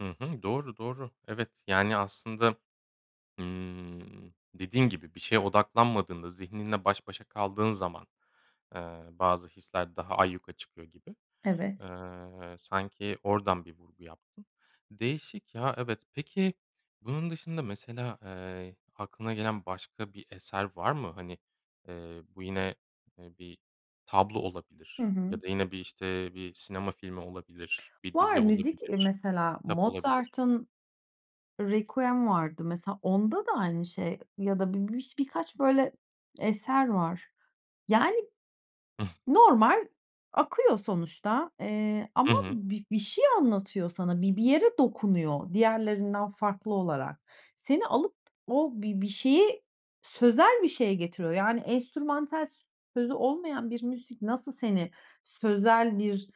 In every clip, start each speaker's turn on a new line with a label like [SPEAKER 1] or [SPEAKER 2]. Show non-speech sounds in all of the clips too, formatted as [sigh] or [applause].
[SPEAKER 1] Hı hı. Doğru, doğru. Evet, yani, aslında, ımm, dediğin gibi bir şeye odaklanmadığında, zihninle baş başa kaldığın zaman, eee, bazı hisler daha ayyuka çıkıyor gibi.
[SPEAKER 2] Evet.
[SPEAKER 1] Eee, sanki oradan bir vurgu yaptın. Değişik, ya, evet. Peki bunun dışında mesela, eee, aklına gelen başka bir eser var mı? Hani, eee, bu yine, eee, bir tablo
[SPEAKER 2] Hı
[SPEAKER 1] olabilir
[SPEAKER 2] hı.
[SPEAKER 1] ya da yine bir, işte, bir sinema filmi olabilir, bir
[SPEAKER 2] Var,
[SPEAKER 1] dizi
[SPEAKER 2] müzik, eee,
[SPEAKER 1] olabilir,
[SPEAKER 2] mesela,
[SPEAKER 1] kitap olabilir.
[SPEAKER 2] Mozart'ın “Requiem” vardı. Mesela, onda da aynı şey ya da bir biş birkaç, böyle, eser var. Yani,
[SPEAKER 1] Hıh.
[SPEAKER 2] normal akıyor sonuçta. Eee,
[SPEAKER 1] Hı
[SPEAKER 2] ama
[SPEAKER 1] hı.
[SPEAKER 2] bir bir şey anlatıyor sana, bir bir yere dokunuyor diğerlerinden farklı olarak. Seni alıp o bir bir şeye, sözel bir şeye getiriyor. Yani, enstrümantal, s sözü olmayan bir müzik nasıl seni sözel bir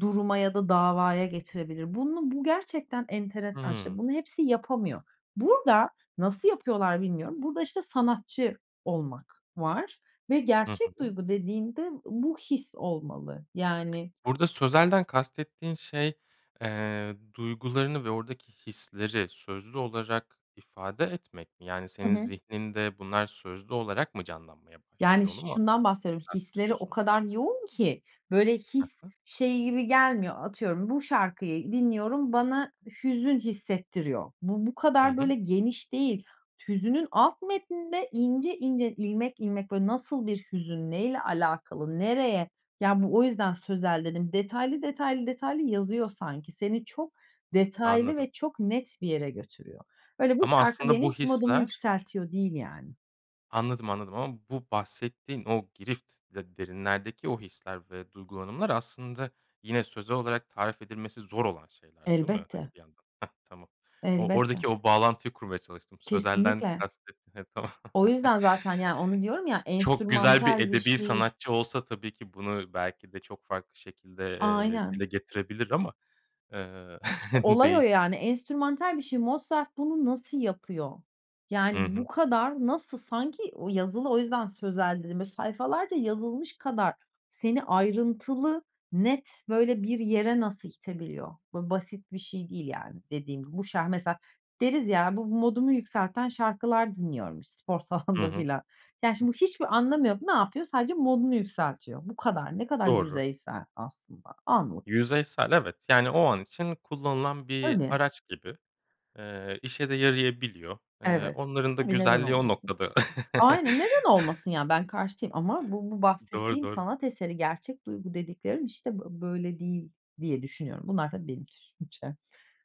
[SPEAKER 2] duruma ya da davaya getirebilir? Bunu bu gerçekten enteresan. İşte,
[SPEAKER 1] Hımm.
[SPEAKER 2] bunu hepsi yapamıyor. Burada, nasıl yapıyorlar bilmiyorum, burada, işte, sanatçı olmak var ve
[SPEAKER 1] Hı
[SPEAKER 2] gerçek
[SPEAKER 1] hı.
[SPEAKER 2] duygu dediğinde, ııı, bu his olmalı. Yani
[SPEAKER 1] Burada sözelden kastettiğin şey, eee, duygularını ve oradaki hisleri sözlü olarak ifade etmek mi? Yani,
[SPEAKER 2] Hı
[SPEAKER 1] senin
[SPEAKER 2] hı.
[SPEAKER 1] zihninde bunlar sözlü olarak mı canlanmaya
[SPEAKER 2] Yani
[SPEAKER 1] başlıyor? Onu
[SPEAKER 2] ş
[SPEAKER 1] mu
[SPEAKER 2] şundan bahsediyorum, hisleri o
[SPEAKER 1] kastediyorsun?
[SPEAKER 2] kadar yoğun ki, böyle,
[SPEAKER 1] Hı
[SPEAKER 2] his
[SPEAKER 1] hı.
[SPEAKER 2] şey gibi gelmiyor, atıyorum bu şarkıyı dinliyorum, bana hüzün hissettiriyor. Bu, bu
[SPEAKER 1] Hı
[SPEAKER 2] kadar
[SPEAKER 1] hı.
[SPEAKER 2] böyle geniş değil. Hüznün alt metninde ince ince, ilmek ilmek, böyle nasıl bir hüzün? Ne ile alakalı? Nereye? Ya, bu o yüzden sözel dedim. Detaylı, detaylı, detaylı yazıyor sanki. Seni çok detaylı
[SPEAKER 1] Anladım.
[SPEAKER 2] ve çok net bir yere götürüyor. Öyle bu
[SPEAKER 1] Ama
[SPEAKER 2] şarkı
[SPEAKER 1] aslında bu
[SPEAKER 2] benim modumu
[SPEAKER 1] hisler
[SPEAKER 2] yükseltiyor, değil, yani.
[SPEAKER 1] Anladım, anladım. Ama bu bahsettiğin o girift, de derinlerdeki o hisler ve duygulanımlar aslında yine sözel olarak tarif edilmesi zor olan şeyler değil mi,
[SPEAKER 2] Elbette.
[SPEAKER 1] hani, bir yandan? Hah, tamam. O
[SPEAKER 2] Elbette.
[SPEAKER 1] oradaki o bağlantıyı kurmaya çalıştım. Sözelden
[SPEAKER 2] Kesinlikle.
[SPEAKER 1] kastettin heh, tamam.
[SPEAKER 2] O
[SPEAKER 1] [chuckles]
[SPEAKER 2] yüzden zaten. Yani, onu diyorum ya,
[SPEAKER 1] Çok güzel bir
[SPEAKER 2] enstrümantal bir
[SPEAKER 1] edebî
[SPEAKER 2] şey
[SPEAKER 1] sanatçı olsa tabii ki bunu belki de çok farklı şekilde, eee, dile
[SPEAKER 2] Aynen.
[SPEAKER 1] getirebilir ama, eee,
[SPEAKER 2] İşte,
[SPEAKER 1] [chuckles]
[SPEAKER 2] olay o,
[SPEAKER 1] değil.
[SPEAKER 2] yani. Enstrümantal bir şey. Mozart bunu nasıl yapıyor? Yani,
[SPEAKER 1] Hı hı.
[SPEAKER 2] bu kadar nasıl Sanki o yazılı, o yüzden sözel dedim. Böyle sayfalarca yazılmış kadar seni ayrıntılı, net, böyle bir yere nasıl itebiliyor? Böyle basit bir şey değil, yani, dediğim. Bu şar mesela, deriz ya, bu modumu yükselten şarkılar dinliyorum spor
[SPEAKER 1] Hı
[SPEAKER 2] salonunda
[SPEAKER 1] hı.
[SPEAKER 2] filan. Yani,
[SPEAKER 1] Hıh.
[SPEAKER 2] şimdi bu hiçbir anlamı yok. Ne yapıyor? Sadece modunu yükseltiyor. Bu kadar. Ne kadar
[SPEAKER 1] Doğru.
[SPEAKER 2] yüzeysel aslında. Anlık.
[SPEAKER 1] Yüzeysel, evet. Yani, o an için kullanılan bir
[SPEAKER 2] Tabii.
[SPEAKER 1] araç gibi. Eee, işe de yarayabiliyor. Eee,
[SPEAKER 2] Evet.
[SPEAKER 1] onların da
[SPEAKER 2] Tabii, neden
[SPEAKER 1] güzelliği o
[SPEAKER 2] olmasın?
[SPEAKER 1] noktada. [chuckles]
[SPEAKER 2] Aynen, neden olmasın? Yani, ben karşı değilim ama bu bu
[SPEAKER 1] Doğru,
[SPEAKER 2] bahsettiğim
[SPEAKER 1] doğru.
[SPEAKER 2] sanat eseri, gerçek duygu dediklerim işte bö böyle değil, diye düşünüyorum. Bunlar tabii, benim düşüncem.